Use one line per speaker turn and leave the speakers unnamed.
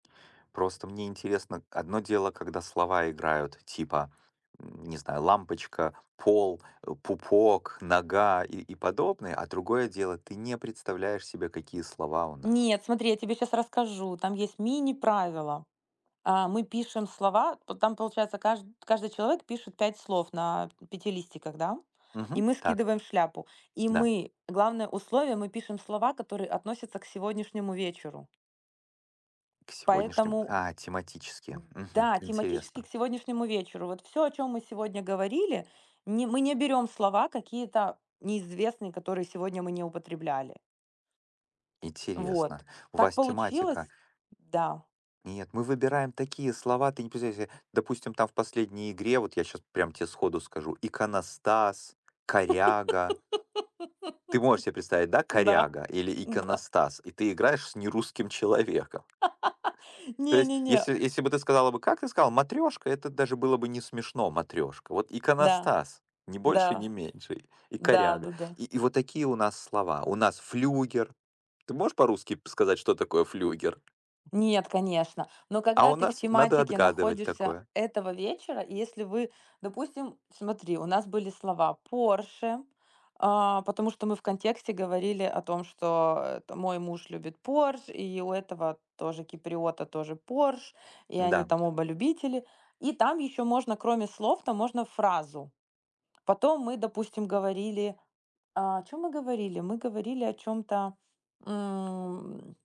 Просто мне интересно, одно дело, когда слова играют, типа, не знаю, лампочка, пол, э, пупок, нога и и подобные, а другое дело, ты не представляешь себе, какие слова у нас.
Нет, смотри, я тебе щас расскажу, там есть мини-правила. А, мы пишем слова, п там, получается, кажд каждый человек пишет 5 слов на 5 листиках, да? И
Мгм.
мы
Так.
скидываем в шляпу. И
Да.
мы, главное условие, мы пишем слова, которые относятся к сегодняшнему вечеру.
В сегодняшнем
Поэтому,
А,
д
тематически. Мгм,
да, тематически
интересно.
к сегодняшнему вечеру вот всё, о чём мы сегодня говорили, не мы не берём слова какие-то неизвестные, которые сегодня мы не употребляли.
Интересно.
Вот,
У
так
вас тематика
получилось Да.
Нет, мы выбираем такие слова. Ты не представляешь себе. Допустим, там в последней игре, вот я щас прям те сходу скажу: "Иконостас", "коряга". Ты можешь себе представить, да?
Да,
Коряга или
да.
иконостас, и ты играешь с не русским человеком. То
Не
есть,
не не.
если если бы ты сказала бы как? Ты сказала: "Матрёшка", это даже было бы не смешно, матрёшка. Вот,
Да.
иконостас ни больше
Да.
ни меньше, и коряга.
Да-да-да.
И и вот такие у нас слова. У нас флюгер. Ты можешь по-русски п сказать, что такое флюгер?
Нет, конечно. Но
А
когда
у
ты в
нас надо
тематике
отгадывать
находишься
такое.
этого вечера, если вы, допустим смотри, у нас были слова Porsche, а, потому что мы в контексте говорили о том, что, это, мой муж любит Porsche, и у этого тоже киприота, тоже Porsche, и они
Да.
там оба любители, и там ещё можно кроме слов, там можно фразу. Потом мы, допустим, говорили, о чём мы говорили? Мы говорили о чём-то, м